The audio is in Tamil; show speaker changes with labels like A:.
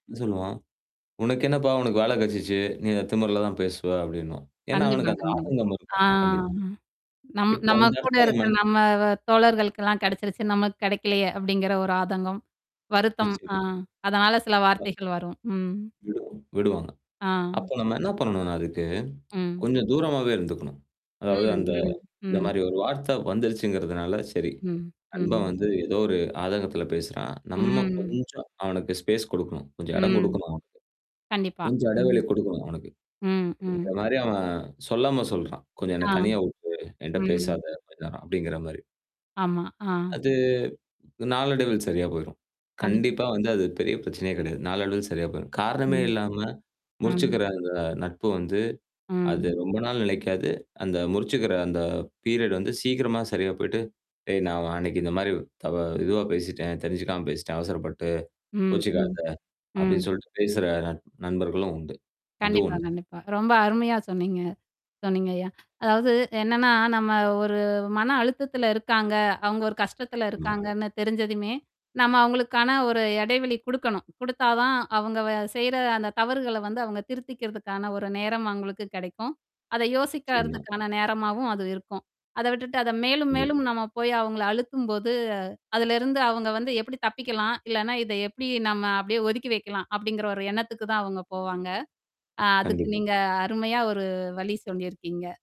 A: சொல்லுவோம், "உனக்கு என்னப்பா உனக்கு வேல கிடைச்சிடுச்சு, நீ அந்த திமிருல தான் பேசுவ." அப்படின்னுவான் ஏன்னா,
B: கண்டிப்பா,
A: அவனுக்கு அந்த
B: கண்டிப்பா.
A: ஆதங்கம்
B: ஆ.
A: இருக்கும். கண்டிப்பா.
B: நம்
A: இப்போ
B: நம்ம
A: அந்த
B: கூட
A: இடத்துல நம்ம
B: இருக்க நம்ம தோழர்களுக்கெல்லாம் கிடைச்சிடுச்சு நமக்கு கிடைக்கலையே அப்படிங்கிற ஒரு ஆதங்கம், வருத்தம். ஆ
A: நிச்சயமா.
B: அதனால சில வார்த்தைகள் வரும். ம்.
A: விடுவாங் விடுவாங்க. அப்ப
B: ஆ.
A: நம்ம என்ன பண்ணணும்னா அதுக்கு?
B: ம்.
A: கொஞ்சம் தூரமாகாவே இருந்துக்கணும்.
B: ம்.
A: அதாவது அந்த
B: ம்.
A: இந்த
B: ம்.
A: மாதிரி ஒரு வார்த்தை வந்துருச்சுங்கிறதுனால சரி.
B: ம்.
A: நண்பன்
B: ம்.
A: வந்து ஏதோ ஒரு ஆதங்கத்தில பேசுறான். நம்ம
B: ம்.
A: கொஞ்சம் அவனுக்கு ஸ்பேஸ் குடுக்கணும். கொஞ்சம் இடம்
B: ம்.
A: கொடுக்கணும் அவனுக்கு.
B: கண்டிப்பா.
A: கொஞ்சம்
B: ம்.
A: எடைவெளி கொடுக்கணும் அவனுக்கு!
B: ம், ம்.
A: அப்படிங்கிற மாதிரி அவன் சொல்லாம சொல்றான். கொஞ்சம் என்ன
B: ஆ.
A: தனியா விட்டுடு. என்கிட்ட
B: ம்.
A: பேசாத அந்த நேரம் அப்டிங்கிற மாதிரி.
B: ஆமா. ஆ.
A: அது நாளடைவில் சரியா போயிடும்.
B: கண்டிப்பா.
A: கண்டிப்பா வந்து அது பெரிய பிரச்சனையே கிடையாது. நாளடைவில் சரியா போயிடும். காரணமே
B: ம்.
A: இல்லாம,
B: ம்.
A: முறிச்சுக்கிற அந்த நட்பு வந்து, அது
B: ம்.
A: ரொம்ப நாள் நிலைக்காது. அந்த முறிச்சுக்கிற அந்த பீரியட் வந்து, சீக்கிரமா சரியா போயி்ட்டு, "டேய்! நான் அன்னைக்கு இந்த மாதிரி த இதுவா பேசிட்டேன். தெரிஞ்சுக்காம பேசிட்டேன். அவசரப்பட்டு.
B: ம் ம்.
A: கோபப்படாதே!"
B: ம்.
A: அப்படின்னு சொல்லிட்டு பேசுற நட நண்பர்களும் உண்டு. அது
B: கண்டிப்பா,
A: ஒண்ணு.
B: கண்டிப்பா. ரொம்ப அருமையா சொன்னீங்க. சொன்னீங்க ஐயா! அதாவது என்னன்னா நம்ம ஒரு மன அழுத்தத்துல இருக்காங்க, அவங்க ஒரு கஷ்டத்துல
A: [unintelligible] ஆமா.
B: இருக்காங்கன்னு தெரிஞ்சதுமே, நம்ம அவங்களுக்கான ஒரு எடைவெளி கொடுக்கணும். கொடுத்தா தான், அவங்க வ செய்ற, அந்த தவறுகள வந்து அவங்க திருத்திக்கிறதுக்கான ஒரு நேரம் அவங்களுக்கு கிடைக்கும். அதை
A: நிச்சயமா.
B: யோசிக்கறதுக்கான நேரமாவும் அது இருக்கும். அத விட்டுட்டு அத மேலும்,
A: இது.
B: மேலும் நம்ம போய் அவங்கள அழுத்தும்போது, அதுலருந்து அவங்க வந்து எப்படி தப்பிக்கலாம், இல்லன்னா, இத எப்படி நம்ம அப்படியே ஒதுக்கி வைக்கலாம் அப்படிங்கிற ஒரு எண்ணத்துக்கு தான், அவங்க போவாங்க. ஆ அதுக்கு
A: கண்டிப்பா.
B: நீங்க, அருமையா ஒரு வழி சொல்லியிருக்கீங்க.